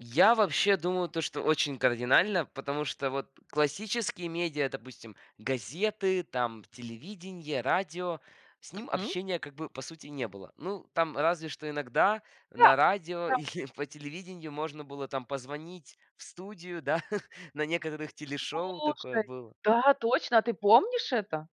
Я вообще думаю, то что очень кардинально, потому что вот классические медиа, допустим, газеты, там телевидение, радио, с ним Мгм. общения, по сути, как бы не было. Ну, там разве что иногда Да на радио да. или по телевидению можно было там позвонить в студию, да, на некоторых телешоу такое Слушай, было. да точно, ты помнишь это?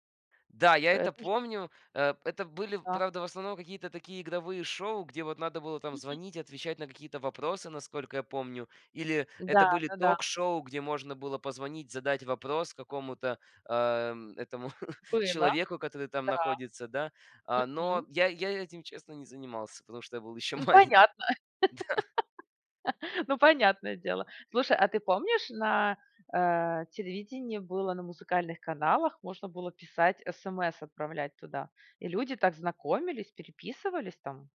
Да, я это Это же помню. Э, это были, Да. правда, в основном какие-то такие игровые шоу, где вот надо было там Мгм. звонить, отвечать на какие-то вопросы, насколько я помню. Или это Да были да да. ток-шоу, где можно было позвонить, задать вопрос какому-то, э, этому Было. человеку, который там находится, да. Да. А, но Мгм. я я этим, не занимался, потому что я был ещё Ну, малень понятно. Да. Ну, понятное дело. Слушай, а ты помнишь, на, э, телевидении было на музыкальных каналах можно было писать СМС, отправлять туда, и люди так знакомились, переписывались там.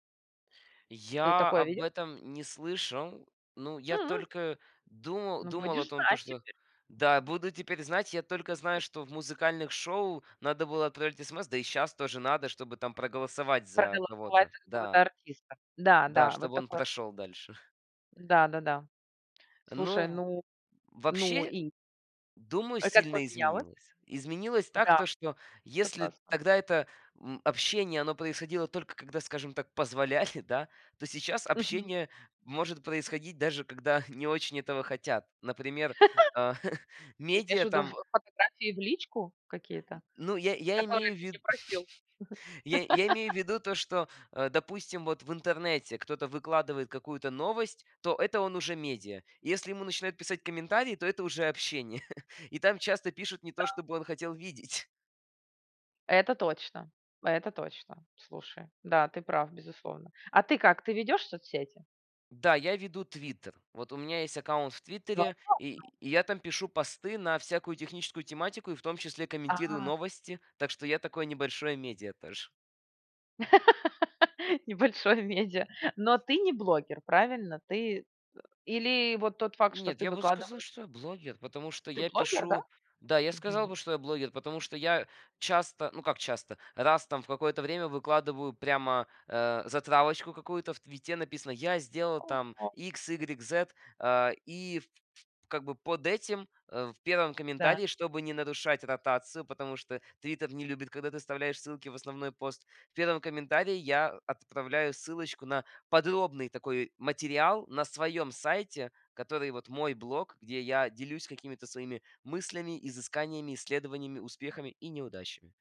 Ты Я такое об видел? этом не слышал, ну, я Хм. только думал Ну, думал о будешь том, то знать что теперь. да, [unintelligible] буду теперь знать. Я только знаю, что в музыкальных шоу надо было отправлять СМС, да и сейчас тоже надо, чтобы там проголосовать за Проголосовать кого-то, какого-то да. артиста. Да, Да, да, вот чтобы он такое. прошел дальше. Да да да. Слушай, Ну, ну, ну вообще, и думаю, А как сильно поменяло? изменилось. Изменилась так, Да, что если согласна. тогда это, м, общение, оно происходило только когда, скажем так, позволяли, да, то сейчас Мгм. общение может происходить даже когда не очень этого хотят. Например, а, Ты имеешь в медиа виду в там. фотографии в личку какие-то, Ну, я я которые имею в ты ви не просил? я я имею в виду то, что, э, допустим, вот в интернете кто-то выкладывает какую-то новость, то это он уже медиа. Если ему начинают писать комментарии, то это уже общение, и там часто пишут не то, Да. чтобы он хотел видеть. Это точно это точно. Слушай, да, ты прав безусловно. А ты как? Ты ведёшь соцсети? Да, я веду "Твиттер". Вот у меня есть аккаунт в "Твиттере", [unintelligible] и я там пишу посты на всякую техническую тематику и в том числе комментирую А. новости. Так что я такое небольшое медиа тоже. Небольшое медиа. Но ты не блогер, правильно? Ты или вот тот факт, что Нет, ты я бы сказал, выкладываешь что я блогер, потому что Ты я блогер, да? пишу, да, я сказал Мгм. бы, что я блогер, потому что я часто, ну, как часто, раз там в какое-то время выкладываю прямо, э, затравочку какую-то. В "Твиттере" написано: "Я сделал А, там а. икс, игрек, зет". А, и как бы под этим, э, в первом Да. комментарии, чтобы не нарушать ротацию, потому что "Твиттер" не любит, когда ты вставляешь ссылки в основной пост. В первом комментарии я отправляю ссылочку на подробный такой материал на своем сайте, который вот мой блог, где я делюсь какими-то своими мыслями, изысканиями, исследованиями, успехами и неудачами.